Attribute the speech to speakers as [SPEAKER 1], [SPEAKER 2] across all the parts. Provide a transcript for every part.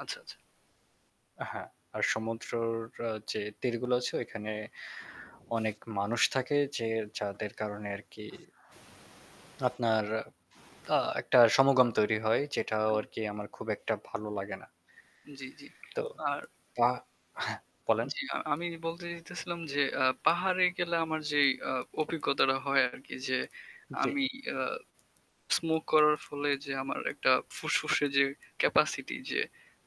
[SPEAKER 1] আচ্ছা, আচ্ছা।
[SPEAKER 2] হ্যাঁ, আর সমুদ্রের যে তীরগুলো আছে ওইখানে অনেক মানুষ থাকে যে যাদের কারণে আরকি আপনার আ একটা সমাগম তৈরি হয়। যেটাও আরকি আমার খুব একটা ভালো লাগে না।
[SPEAKER 1] জ্বী, জ্বী।
[SPEAKER 2] তো,
[SPEAKER 1] আর
[SPEAKER 2] তা হ্যাঁ বলেন।
[SPEAKER 1] জ্বি। আ আমি বলতে চাইতেছিলাম যে আ পাহাড়ে গেলে আমার যেই আ অভিজ্ঞতাটা হয় আরকি, যে
[SPEAKER 2] জ্বী।
[SPEAKER 1] আমি আ স্মোক করার ফলে যে আমার একটা ফুসফুসে যে ক্যাপাসিটি যে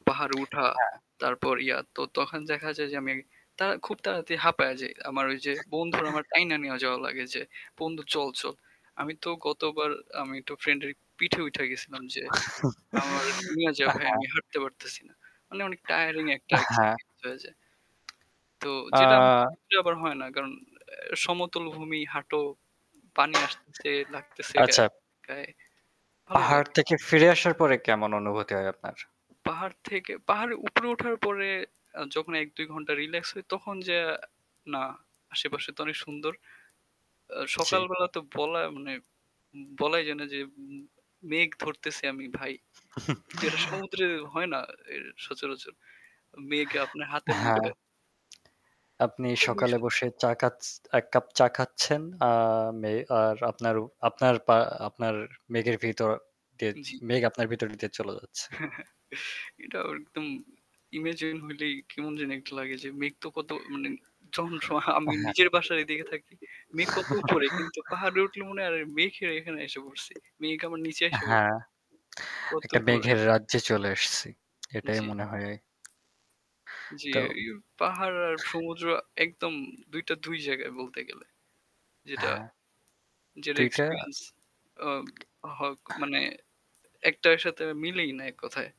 [SPEAKER 1] পাহাড়ে উঠা।
[SPEAKER 2] হ্যাঁ।
[SPEAKER 1] তারপর ইয়া তো তখন দেখা যায় যে আমি তা খুব তাড়াতাড়ি হাঁপাইয়া যাই। আমার যে
[SPEAKER 2] [unintelligible]
[SPEAKER 1] বন্ধু আমার টাইনা নিয়া যাওয়া লাগে যে, "বন্ধু চল, চল।" আমি তো গতবার আমি তো ফ্রেন্ডের পিঠে উইঠা গেছিলাম যে আমারে নিয়া যা ভাই।
[SPEAKER 2] হ্যাঁ।
[SPEAKER 1] আমি হাঁটতে পারতেছি না। মানে অনেক টায়ারিং একটা
[SPEAKER 2] আ হ্যাঁ।
[SPEAKER 1] এক্সপেরিয়েন্স হয়ে যায়। তো
[SPEAKER 2] আ
[SPEAKER 1] যেটা [unintelligible] সমুদ্রে আবার হয় না কারণ সমতল ভূমি হাঁটো, পানি আসতেছে লাগতেছে গায়ে
[SPEAKER 2] আচ্ছা।
[SPEAKER 1] গায়ে ভালোই
[SPEAKER 2] পাহাড়
[SPEAKER 1] লাগে।
[SPEAKER 2] থেকে ফিরে আসার পরে কেমন অনুভূতি হয় আপনার?
[SPEAKER 1] পাহাড় থেকে পাহাড়ের উপরে ওঠার পরে যখন ১-২ ঘন্টা রিল্যাক্স হয় তখন যেয়ে না আশেপাশে তো অনেক সুন্দর। আ
[SPEAKER 2] জ্বী।
[SPEAKER 1] সকালবেলা তো বলা মানে বলাই যায় না যে উম মেঘ ধরতেছি আমি ভাই। যেটা সমুদ্রে হয় না এ সচরাচর। মেঘ আপনার হাতের
[SPEAKER 2] হ্যাঁ।
[SPEAKER 1] মুঠোয়।
[SPEAKER 2] আপনি
[SPEAKER 1] খুবই
[SPEAKER 2] সকালে
[SPEAKER 1] সুন্দর।
[SPEAKER 2] বসে চা খাছ এককাপ চা খাচ্ছেন। আ মে আর আপনার আপনার পা আপনার মেঘের ভিতর দিয়ে
[SPEAKER 1] জ্বি।
[SPEAKER 2] মেঘ আপনার ভিতর দিয়ে চলে যাচ্ছে।
[SPEAKER 1] এটা একদম ইমাজিন হইলেই কেমন জানি একটা লাগে যে মেঘ তো কত মানে চলার সময় আমি
[SPEAKER 2] আ হ্যাঁ।
[SPEAKER 1] নিজের বাসায় দেখে থাকি। মেঘ কত উপরে কিন্তু পাহাড়ে উঠলে মনে হয় আরে মেঘ এর এখানে এসে পড়ছি। মেঘ আমার নিচে আইসা পড়ছে।
[SPEAKER 2] হ্যাঁ।
[SPEAKER 1] কত
[SPEAKER 2] একটা
[SPEAKER 1] উপরে আমি।
[SPEAKER 2] মেঘের রাজ্যে চলে আসছি। এটাই
[SPEAKER 1] জ্বী।
[SPEAKER 2] মনে হয়।
[SPEAKER 1] জ্বি,
[SPEAKER 2] তো
[SPEAKER 1] এই পাহাড় আর সমুদ্র একদম ২ টা ২ জায়গায় বলতে গেলে। যেটা
[SPEAKER 2] হ্যাঁ।
[SPEAKER 1] যেটা
[SPEAKER 2] ২ টা
[SPEAKER 1] এক্সপেরিয়েন্স আ হক মানে একটার সাথে মিলেই না এককথায়।